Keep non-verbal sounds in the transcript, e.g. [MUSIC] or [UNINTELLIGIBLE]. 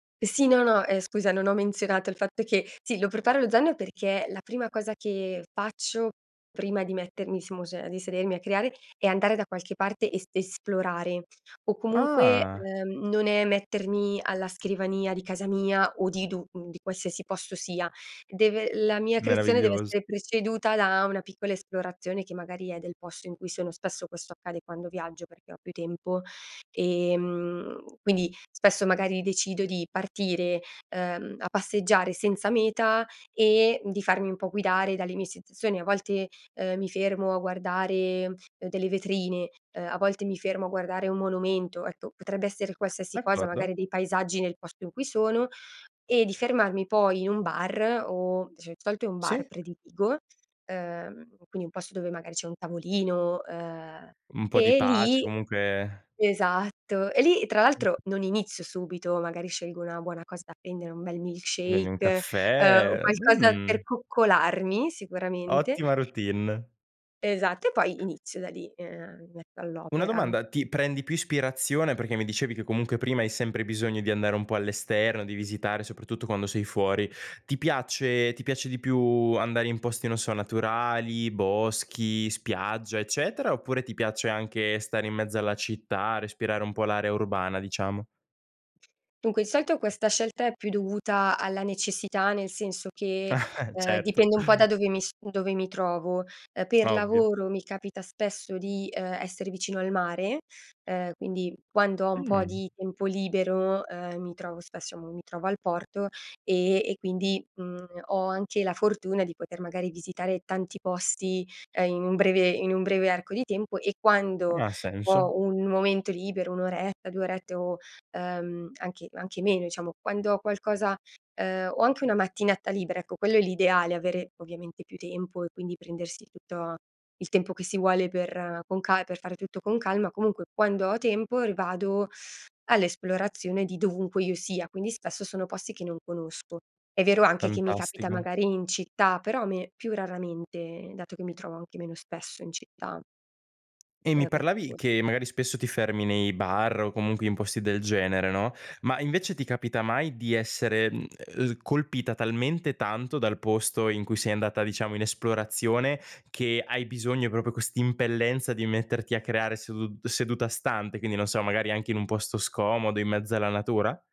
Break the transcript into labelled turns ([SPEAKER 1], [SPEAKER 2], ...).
[SPEAKER 1] Sì, no, no. Eh, scusa, non ho menzionato il fatto che sì, lo preparo lo zaino perché la prima cosa che faccio prima di mettermi, [UNINTELLIGIBLE] di sedermi a creare, è andare da qualche parte e est esplorare. O comunque,
[SPEAKER 2] Ah.
[SPEAKER 1] uhm, non è mettermi alla scrivania di casa mia o di du di qualsiasi posto sia. Deve la mia creazione deve
[SPEAKER 2] Meraviglioso.
[SPEAKER 1] essere preceduta da una piccola esplorazione, che magari è del posto in cui sono, spesso questo accade quando viaggio perché ho più tempo, ehm, quindi, spesso magari decido di partire, ehm, a passeggiare senza meta e di farmi un po' guidare dalle mie sensazioni. A volte, ehm, mi fermo a guardare delle vetrine, ehm, a volte mi fermo a guardare un monumento. Ecco, potrebbe essere qualsiasi cosa,
[SPEAKER 2] D'accordo.
[SPEAKER 1] magari dei paesaggi nel posto in cui sono, e di fermarmi poi in un bar o dicia di solito è un bar
[SPEAKER 2] Sì.
[SPEAKER 1] prediligo, ehm, quindi un posto dove magari c'è un tavolino, ehm,
[SPEAKER 2] Un po' di
[SPEAKER 1] e
[SPEAKER 2] pace
[SPEAKER 1] lì
[SPEAKER 2] comunque
[SPEAKER 1] esatto. [CHUCKLES] E lì tra l'altro, non inizio subito, magari scelgo una buona cosa da prendere, un bel milk
[SPEAKER 2] Ti prendi un
[SPEAKER 1] shake, ehm,
[SPEAKER 2] caffè, uhm,
[SPEAKER 1] qualcosa per
[SPEAKER 2] mh
[SPEAKER 1] coccolarmi sicuramente.
[SPEAKER 2] Ottima routine.
[SPEAKER 1] Esatto e poi inizio da lì, ehm, mi metto
[SPEAKER 2] Una
[SPEAKER 1] all'opera.
[SPEAKER 2] domanda, ti prendi più ispirazione perché mi dicevi che comunque prima hai sempre bisogno di andare un po' all'esterno, di visitare soprattutto quando sei fuori. Ti piace ti piace di più andare in posti non so naturali, boschi, spiaggia, eccetera? Oppure ti piace anche stare in mezzo alla città, respirare un po' l'area urbana diciamo?
[SPEAKER 1] Dunque il solito questa scelta è più dovuta alla necessità, nel senso che,
[SPEAKER 2] [CHUCKLES]
[SPEAKER 1] ehm,
[SPEAKER 2] Certo.
[SPEAKER 1] dipende un po' da dove mi s dove mi trovo. Eh, per
[SPEAKER 2] Ovvio.
[SPEAKER 1] lavoro mi capita spesso di, ehm, essere vicino al mare, ehm, quindi quando ho un po'
[SPEAKER 2] Mh.
[SPEAKER 1] di tempo libero, ehm, mi trovo spesso mo, mi trovo al porto, ehm, e quindi, mhmm, ho anche la fortuna di poter magari visitare tanti posti, ehm, in breve in un breve arco di tempo e quando
[SPEAKER 2] Ha senso.
[SPEAKER 1] ho un momento libero, 1 oretta, 2 orette o, ehm, anche anche meno diciamo, quando ho qualcosa ehm, o anche una mattinata libera, ecco quello è l'ideale, avere ovviamente più tempo e quindi prendersi tutto il tempo che si vuole per con ca per fare tutto con calma, comunque quando ho tempo, vado all'esplorazione di dovunque io sia, quindi spesso sono posti che non conosco. È vero anche che mi capita
[SPEAKER 2] Fantastico.
[SPEAKER 1] magari in città, però a me più raramente, dato che mi trovo anche meno spesso in città.
[SPEAKER 2] E mi
[SPEAKER 1] Ehm, per
[SPEAKER 2] parlavi
[SPEAKER 1] lavor
[SPEAKER 2] che magari spesso ti fermi nei bar o comunque in posti del genere, no, ma invece ti capita mai di essere, uhm, colpita talmente tanto dal posto in cui sei andata diciamo in esplorazione che hai bisogno proprio quest'impellenza di metterti a creare sedu seduta stante, quindi non so, magari anche in un posto scomodo, in mezzo alla natura?